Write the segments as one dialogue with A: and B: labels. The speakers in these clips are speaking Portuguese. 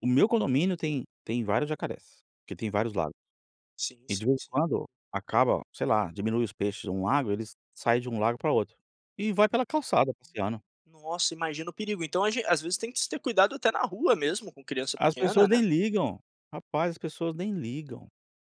A: O meu condomínio tem tem vários jacarés, porque tem vários lagos,
B: Sim,
A: e de
B: sim,
A: vez em
B: sim.
A: quando, acaba, sei lá, diminui os peixes de um lago, eles saem de um lago para outro, e vai pela
B: Aham.
A: calçada passeando.
B: Nossa imagino o perigo, então a gen às vezes tem que se ter cuidado até na rua mesmo com criança
A: As
B: pequena,
A: pessoas
B: né.
A: nem ligam, rapaz as pessoas nem ligam,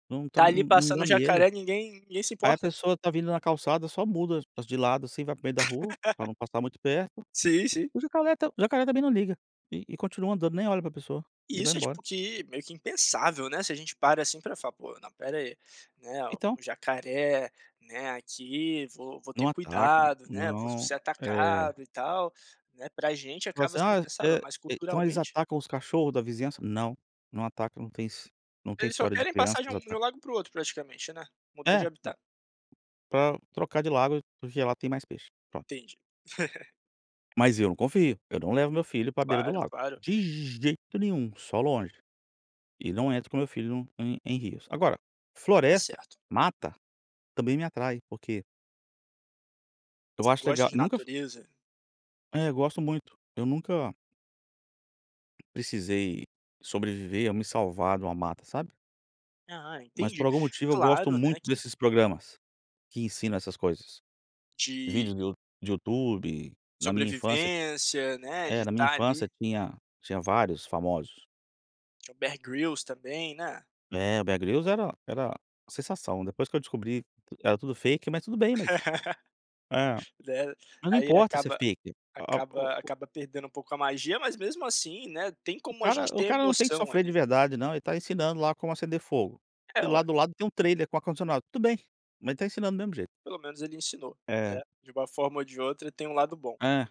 A: não tá,
B: Está ali
A: não não dá
B: passando
A: medo,
B: jacaré, ninguém ninguém se
A: aí a
B: importa.
A: pessoa está vindo na calçada só muda as de lado assim, vai para o meio da rua, para não passar muito perto,
B: Sim, sim.
A: o jacaré está o jacaré também não liga, e e continua andando, nem olha para pessoa,
B: E
A: e vai
B: isso é
A: embora.
B: tipo que meio que impensável, né, se a gente para assim para falar: "Pô, não espera aí, né,
A: Então.
B: o jacaré, né, aqui vou vou
A: Não
B: ter
A: atacam,
B: cuidado, né, vou
A: não,
B: ser
A: eh
B: atacado e tal", né, para gente
A: tipo
B: acaba
A: assim
B: sendo
A: ah,
B: pensado,
A: eh,
B: mas
A: então eles
B: culturalmente.
A: atacam os cachorro da vizinhança? Não, não atacam, não tem não tem his não tem
B: Eles só
A: história de
B: querem
A: criança, nos
B: passagem de
A: ataque.
B: um lago para o outro praticamente, né, modelo
A: É,
B: de
A: hum,
B: habitat.
A: para trocar de lago, porque lá tem mais peixe, pronto.
B: Entendi.
A: Mas eu não confio, eu não levo meu filho para beira do
B: Claro,
A: lago,
B: claro.
A: de jeito nenhum, só longe, e não entro com meu filho no, em em rios, agora,
B: Está
A: floresta,
B: certo.
A: mata, também me atrai porque eu
B: Você
A: acho
B: gosta
A: legal
B: de
A: nunca fu
B: natureza?
A: É eu gosto muito, eu nunca precisei sobreviver ou me salvar de uma mata sabe.
B: Ah,
A: Mas por
B: entendi,
A: algum motivo eu gosto
B: claro, né,
A: muito
B: que
A: desses programas, que ensinam essas coisas,
B: de
A: vídeos do de YouTube, na minha infância,
B: sobrevivência, né, de
A: eh, na minha
B: estar ali.
A: infância tinha tinha vários famosos.
B: Tinha o Bear Grylls também, né.
A: É o Bear Grylls era era sensação, depois que eu descobri, era tudo fake mas tudo bem, né,
B: [unintelligible]
A: mas não
B: aí
A: importa se é
B: acaba
A: fake a a o
B: acaba
A: o
B: acaba perdendo um pouco a magia mas mesmo assim, né, tem
A: O
B: como a
A: cara
B: gente
A: o
B: ter
A: cara não tem que
B: emoção
A: sofrer de
B: ali.
A: verdade não, ele está ensinando lá como acender fogo, e
B: É
A: lá
B: ué.
A: do lado tem um trailer com ar condicionado, tudo bem, mas ele está ensinando do mesmo jeito.
B: Pelo menos ele ensinou,
A: É.
B: né, de uma forma ou de outra, tem um lado bom.
A: É.